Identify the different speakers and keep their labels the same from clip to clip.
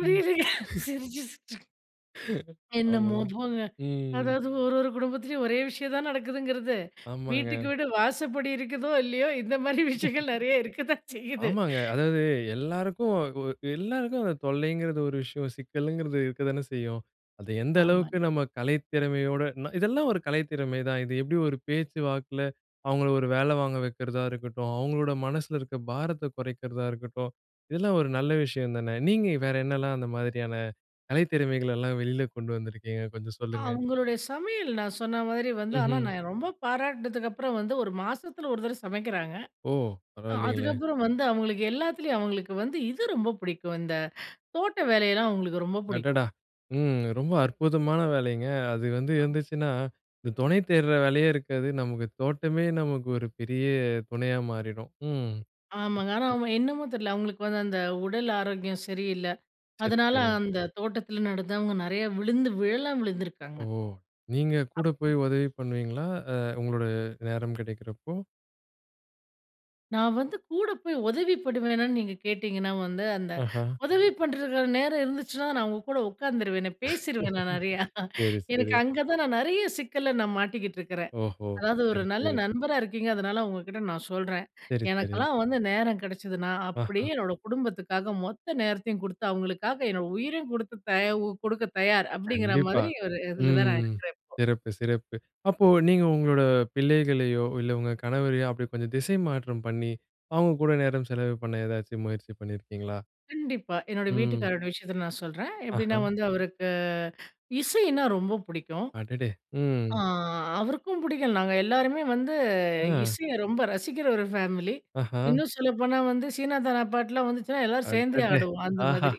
Speaker 1: ம்.
Speaker 2: சிரிச்சு, சிரிச்சு. என்னமோ
Speaker 1: ஆமாங்க.
Speaker 2: போங்க.
Speaker 1: ம்.
Speaker 2: அதாவது ஒரு ஒரு குடும்பத்துலயும் ஒரே விஷயம் தான் நடக்குதுங்கிறது. வீட்டுக்கு
Speaker 1: ஆமங்க.
Speaker 2: வீடு வாசப்படி இருக்குதோ, இல்லயோ இந்த மாரி விஷயங்கள் நெறைய இருக்கத்தான் செய்யுது.
Speaker 1: ஆமாங்க. அதாவது எல்லாருக்கும் அது எல்லாருக்கும் அந்த தொல்லைங்கிறது ஒரு விஷயம் சிக்கலங்கிறது இருக்கதானே செய்யும். அது எந்த அளவுக்கு
Speaker 2: ஆமாங்க.
Speaker 1: நம்ம கலை திறமையோட ந இதெல்லாம் ஒரு கலை திறமை தான். இது எப்பிடி ஒரு பேச்சு வாக்கில அவுங்கள ஒரு வேல வாங்க வைக்கிறதா இருக்கட்டும். அவுங்களோட மனசில இருக்கிற பாரத்த குறைக்கிறதா இருக்கட்டும். இதெல்லாம் ஒரு நல்ல விஷயம் தானே! நீங்க வேற என்னெல்லாம் அந்த மாதிரியான கலை திறமைகள் எல்லாம் வெளில கொண்டு வந்திருக்கீங்க. கொஞ்சம் சொல்லுங்க.
Speaker 2: அவுங்களுடைய சமையல் நான் சொன்னமாரி வந்து ஆனா,
Speaker 1: ம்ஹ்ம்.
Speaker 2: நான் ரொம்ப பாராட்டுனதுக்கு அப்புறம் வந்து 1 மாசத்தில 1 தடவ சமைக்கிறாங்க.
Speaker 1: ஓ!
Speaker 2: அ
Speaker 1: பரவாயில்லங்களே!
Speaker 2: அதுக்கப்பறம் வந்து அவுங்களுக்கு எல்லாத்துலயும் அவங்களுக்கு வந்து இது ரொம்ப பிடிக்கும். இந்த தோட்ட வேலையெல்லாம் அவுங்களுக்கு ரொம்ப பிடிக்கும்.
Speaker 1: அடடா! ம். ரொம்ப அற்புதமான வேலைங்க. அது வந்து இருந்துச்சுன்னா, இந்த துணை தேட்ற வேலயே இருக்காது. நமக்கு தோட்டமே நமக்கு ஒரு பெரிய துணையா மாறிடும். ம்.
Speaker 2: ஆமாங்க. ஆனா அவுங்க என்னமோ தெரியல. அவுங்களுக்கு வந்து அந்த உடல் ஆரோக்கியம் சரியில்ல.
Speaker 1: சரி,
Speaker 2: அதனால
Speaker 1: சரி.
Speaker 2: அந்த தோட்டத்தில நடந்து அவுங்க நெறையா விழுந்து விழலாம் விழுந்துருக்காங்க.
Speaker 1: ஓ! நீங்க கூட
Speaker 2: அப்போ
Speaker 1: போய் உதவி பண்ணுவீங்களா? அ உங்களோட நேரம் கிடைக்கிறப்போ!
Speaker 2: நான் வந்து கூட போய் உதவிப்படுவேனான்னு நீங்க கேட்டீங்கன்னா, வந்து அந்த
Speaker 1: ஆஹா!
Speaker 2: உதவி பண்றக்கான நேரம் இருந்துச்சுனா, நான் உங்க கூட உக்காந்துருவேனே! பேசிருவேனே நான் நெறையா.
Speaker 1: சரி,
Speaker 2: எனக்கு
Speaker 1: சரி.
Speaker 2: அங்க தான் நான் நெறைய சிக்கல்ல நான் மாட்டிக்கிட்டு இருக்கிறேன்.
Speaker 1: ஓஹோ!
Speaker 2: அதாவது ஒரு
Speaker 1: சரி,
Speaker 2: நல்ல
Speaker 1: சரி.
Speaker 2: நண்பரா இருக்கீங்க, அதனால உங்க கிட்ட நான் சொல்றேன்.
Speaker 1: சரி, சரி.
Speaker 2: எனக்கெல்லாம் வந்து நேரம் கெடச்சதுன்னா
Speaker 1: ஆ,
Speaker 2: அப்பிடியே
Speaker 1: ஆ.
Speaker 2: என்னோட குடும்பத்துக்காக மொத்த நேரத்தையும் கொடுத்து அவுங்களுக்காக என்னோட உயிரையும் கொடுத்து தயா கொடுக்க தயார். அப்பிடிங்கிற
Speaker 1: கண்டிப்பா.
Speaker 2: மாரி ஒரு இதில தான் நான்
Speaker 1: ம்.
Speaker 2: இருக்கிறேன் இப்போ.
Speaker 1: சிறப்பு, சிறப்பு. அப்போ நீங்க உங்களோட பிள்ளைகளையோ இல்ல உங்க கணவரையோ அப்பிடி கொஞ்சம் திசை மாற்றம் பண்ணி, அவுங்க கூட நேரம் செலவு பண்ண ஏதாச்சும் முயற்சி பண்ணியிருக்கீங்களா?
Speaker 2: கண்டிப்பா. என்னோட
Speaker 1: ம்.
Speaker 2: வீட்டுக்காரரோட விஷயத்த நான் சொல்றேன். எப்பிடின்னா
Speaker 1: ஆஹ!
Speaker 2: வந்து அவருக்கு இசையினா ரொம்ப பிடிக்கும்.
Speaker 1: அடேடே!
Speaker 2: ஆ,
Speaker 1: ம்.
Speaker 2: அவருக்கும் பிடிக்கும். நாங்க எல்லாருமே வந்து
Speaker 1: ஆ.
Speaker 2: இசைய ரொம்ப ரசிக்கிற ஒரு ஃபேமிலி.
Speaker 1: ஆஹா!
Speaker 2: இன்னும் சொல்லப்போனா வந்து சீனாதனா பாட்டுலாம் வந்துச்சுன்னா எல்லாரும் சேர்ந்தே
Speaker 1: அடடே!
Speaker 2: ஆடுவோம், அந்த
Speaker 1: ஆஹா!
Speaker 2: மாதிரி.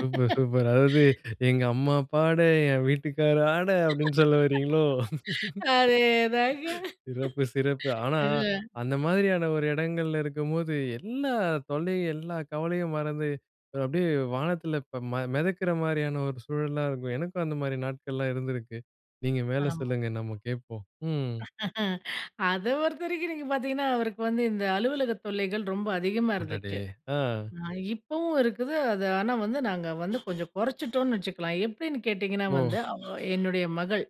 Speaker 1: Super, super. அதாவது எங்க அம்மா, அப்பாட என் வீட்டுக்கார் ஆட அப்பிடின்னு சொல்லவரீங்களோ!
Speaker 2: அதே தாங்க.
Speaker 1: சிறப்பு, சிறப்பு. ஆனா
Speaker 2: ஆ.
Speaker 1: அந்த மாரியான ஒரு இடங்கள்ல இருக்கும்போது எல்லா தொல்லையும், எல்லா கவலையும் மறந்து அது அப்பிடியே வானத்தில இப்ப மெ மெதக்கிற மாரியான ஒரு சூழலா இருக்கும். எனக்கும் அந்தமாரி நாட்கள்லாம் இருந்திருக்கு. நீங்க மேல
Speaker 2: ஆமா.
Speaker 1: சொல்லுங்க? நம்ம கேப்போம். ம்
Speaker 2: அத பொறுத்தவரைக்கும் நீங்க பார்த்தீங்கன்னா, அவருக்கு வந்து இந்த அலுவலகத் தொல்லைகள் ரொம்ப அதிகமா
Speaker 1: அடடே!
Speaker 2: இருந்துச்சு.
Speaker 1: ஆ.
Speaker 2: ஆ, இப்பவும் இருக்குது. அது ஆனா வந்து நாங்க வந்து கொஞ்சம் கொறச்சிட்டோன்னு வச்சுக்கலாம். எப்பிடின்னு கேட்டிங்கன்னா
Speaker 1: ஓ!
Speaker 2: வந்து அவ என்னுடைய மகள்.